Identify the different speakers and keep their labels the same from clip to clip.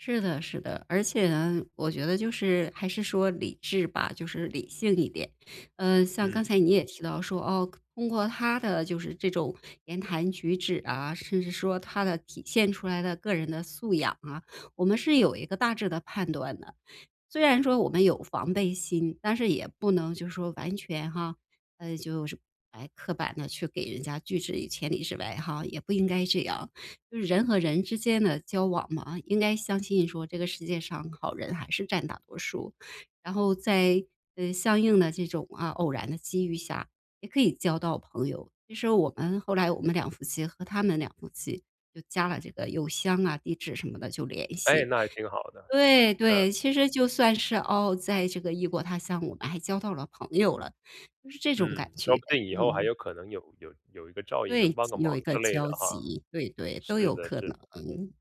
Speaker 1: 是的是的。而且呢，我觉得就是还是说理智吧，就是理性一点。呃，像
Speaker 2: 嗯。
Speaker 1: 刚才你也提到说，哦，可通过他的就是这种言谈举止啊，甚至说他的体现出来的个人的素养啊，我们是有一个大致的判断的。虽然说我们有防备心，但是也不能就是说完全哈，就是，诶，刻板地去给人家拒之于千里之外哈，也不应该这样。就是人和人之间的交往嘛，应该相信说这个世界上好人还是占大多数。然后在，呃，相应的这种啊，偶然的机遇下，也可以交到朋友。其实我们后来我们两夫妻和他们两夫妻就加了这个邮箱啊，地址什么的就联
Speaker 2: 诶，
Speaker 1: 系
Speaker 2: 那还挺好的，
Speaker 1: 对
Speaker 2: 嗯。
Speaker 1: 对，其实就算是，哦，在这个异国他乡，我们还交到了朋友了，就是这种感
Speaker 2: 嗯，说
Speaker 1: 觉，
Speaker 2: 不定以后还
Speaker 1: 嗯。
Speaker 2: 有可能有有有一个照应，
Speaker 1: 对，
Speaker 2: 能帮个
Speaker 1: 集有
Speaker 2: 忙
Speaker 1: 一个
Speaker 2: 之类的
Speaker 1: 交
Speaker 2: 哈。
Speaker 1: 集，对对，
Speaker 2: 是
Speaker 1: 都有
Speaker 2: 的
Speaker 1: 可
Speaker 2: 是的。
Speaker 1: 能。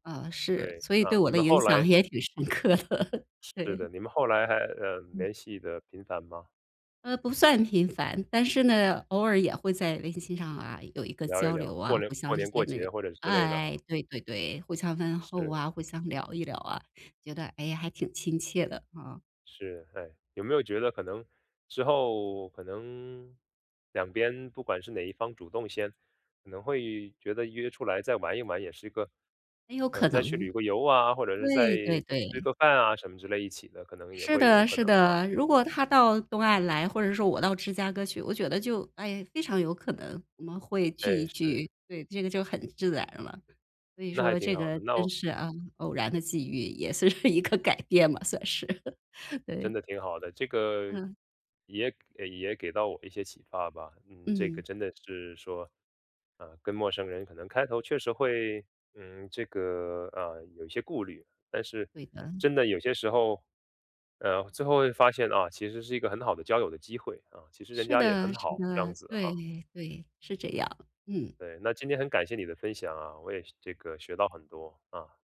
Speaker 1: 啊，是，
Speaker 2: 对，
Speaker 1: 所以
Speaker 2: 啊，
Speaker 1: 对我
Speaker 2: 你
Speaker 1: 的
Speaker 2: 们
Speaker 1: 影
Speaker 2: 后来
Speaker 1: 响也挺深刻的，
Speaker 2: 是
Speaker 1: 对。
Speaker 2: 的，你们后来还，呃，
Speaker 1: 嗯。
Speaker 2: 联系得频繁吗？
Speaker 1: 呃，不算频繁，但是呢，偶尔也会在微信上啊，有一个
Speaker 2: 聊一
Speaker 1: 交
Speaker 2: 聊，
Speaker 1: 流啊，
Speaker 2: 过联
Speaker 1: 互相
Speaker 2: 过
Speaker 1: 之
Speaker 2: 年过
Speaker 1: 间
Speaker 2: 节
Speaker 1: 的
Speaker 2: 或者是之类的哈。
Speaker 1: 哎，对对对，互相问候
Speaker 2: 是。
Speaker 1: 啊，互相聊一聊啊，觉得，诶，还挺亲切的，啊。
Speaker 2: 是，诶，有没有觉得可能之后可能，两边不管是哪一方主动先，可能会觉得约出来再玩一玩也是一个
Speaker 1: 很有可
Speaker 2: 呃，再去
Speaker 1: 能
Speaker 2: 旅个游啊，或者是再
Speaker 1: 对对
Speaker 2: 吃
Speaker 1: 对。
Speaker 2: 个饭啊，什么之类一起的，可能也
Speaker 1: 是
Speaker 2: 会有
Speaker 1: 的
Speaker 2: 可
Speaker 1: 是
Speaker 2: 能哈。
Speaker 1: 的，如果他到东岸来，或者说我到芝加哥去，我觉得就，哎，非常有可能我们会聚
Speaker 2: 哎，
Speaker 1: 一
Speaker 2: 是。
Speaker 1: 聚，对，这个就很自然了。所以
Speaker 2: 那还
Speaker 1: 说
Speaker 2: 挺
Speaker 1: 这
Speaker 2: 好
Speaker 1: 个
Speaker 2: 的，
Speaker 1: 真
Speaker 2: 那
Speaker 1: 是啊，偶然的机遇，也是一个改变吧，算是。
Speaker 2: 真
Speaker 1: 对。
Speaker 2: 的挺好的，这个
Speaker 1: 嗯。
Speaker 2: 也也给到我一些启发吧。嗯，这个
Speaker 1: 嗯。
Speaker 2: 真的是说，呃，跟陌生人可能开头确实会，嗯，这个，呃，有一些顾虑。但是
Speaker 1: 对的。
Speaker 2: 真的有些时候，呃，最后会发现，啊，其实是一个很好的交友的机会，啊，其实人
Speaker 1: 是
Speaker 2: 家也
Speaker 1: 的
Speaker 2: 很
Speaker 1: 是
Speaker 2: 好，这样
Speaker 1: 的。
Speaker 2: 子的哈。
Speaker 1: 对对，是这样，嗯。
Speaker 2: 对，那今天很感谢你的分享啊，我也这个学到很多，啊。